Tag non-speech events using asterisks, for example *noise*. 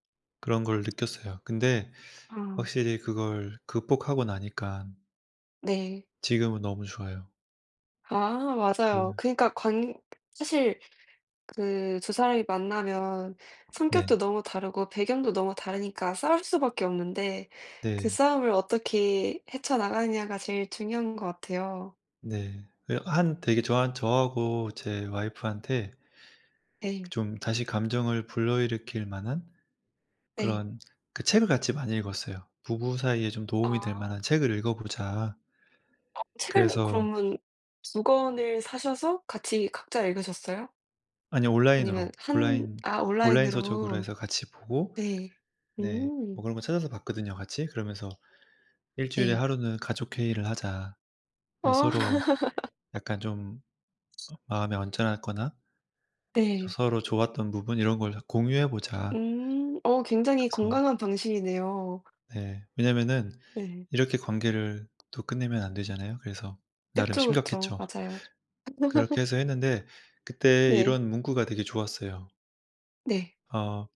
그런 걸 느꼈어요. 근데 아. 확실히 그걸 극복하고 나니깐 네. 지금은 너무 좋아요. 아 그 맞아요. 그니까 관 사실 그 2 사람이 만나면 성격도 네. 너무 다르고 배경도 너무 다르니까 싸울 수밖에 없는데 그 네. 싸움을 어떻게 헤쳐 나가느냐가 제일 중요한 것 같아요. 네. 예. 한 되게 저한 저하고 제 와이프한테 네. 좀 다시 감정을 불러일으킬 만한 네. 그런 그 책을 같이 많이 읽었어요. "부부 사이에 좀 도움이 될 아. 만한 책을 읽어 보자." 어 책을 그래서 그러면 2 권을 사셔서 같이 각자 읽으셨어요? 아니요. 아니면 온라인으로. 한 온라인 아 온라인 서적으로 온라인으로. 해서 같이 보고. 네. 네. 오. 뭐 그런 거 찾아서 봤거든요 같이. 그러면서 "일주일에 네. 하루는 가족 회의를 하자." 예. 어. "서로 *laughs* 약간 좀 음 마음이 언짢았거나" 저 네. 서로 좋았던 부분 이런 걸 다 공유해 보자. 음 어 굉장히 그래서 건강한 방식이네요. 네. 왜냐면은 네. 이렇게 관계를 또 끝내면 안 되잖아요. 그래서 나름 그쵸, 그쵸. 심각했죠. 맞아요. 그렇게 해서 했는데 *laughs* 그때 네. 이런 문구가 되게 좋았어요. 네. 어.